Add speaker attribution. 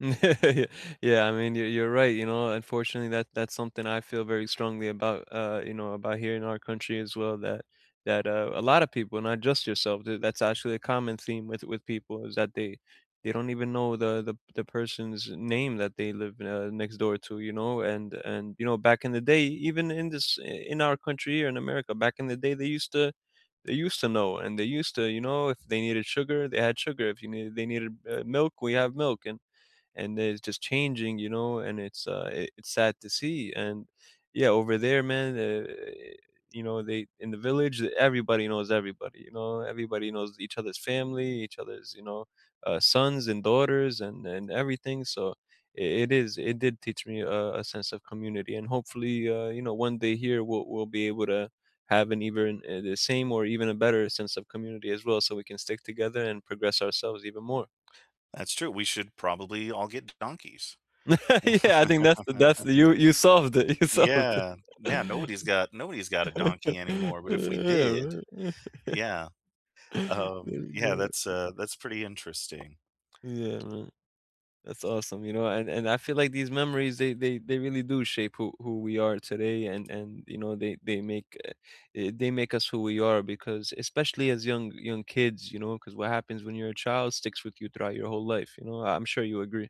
Speaker 1: Yeah, I mean, you you're right, you know, unfortunately, that that's something I feel very strongly about, uh, you know, about here in our country as well, that that, uh, a lotta people, not just yourself, d that's actually a common theme with with people is that they they don't even know the the the person's name that they live, uh, next door to, you know, and and you know, back in the day, even in this eh in our country or in America, back in the day, used to they used to know and they used to, you know, if they needed sugar, they had sugar, if you needed they needed, uh, milk, we have milk and and, uh, it's just changing, you know, and it's, uh it's sad to see, and yeah, over there, man, eh you know, they, in the village, everybody knows everybody, you know? Everybody knows each other's family, each other's, you know, uh, sons and daughters and and everything, so, it it is it did teach me a a sense of community, and hopefully, uh, you know, one day here, we'll we'll be able to have an even eh the same or even a better sense of community as well so we can stick together and progress ourselves even more.
Speaker 2: That's true, we should probably all get donkeys.
Speaker 1: Yeah, I think that's the that's the you you solved it, you solved
Speaker 2: Yeah, now nobody's got nobody's got a donkey anymore, but if we did
Speaker 1: it.
Speaker 2: yeah. Um,
Speaker 1: There you
Speaker 2: yeah
Speaker 1: go.
Speaker 2: that's, uh, that's pretty interesting.
Speaker 1: Yeah man, that's awesome, you know? And and I feel, like, these memories, they they they really do shape who who we are today and and you know they they make eh eh, they make us who we are because especially as young young kids, you know, 'cause what happens when your child sticks with you throughout your whole life, you know, I'm sure you agree.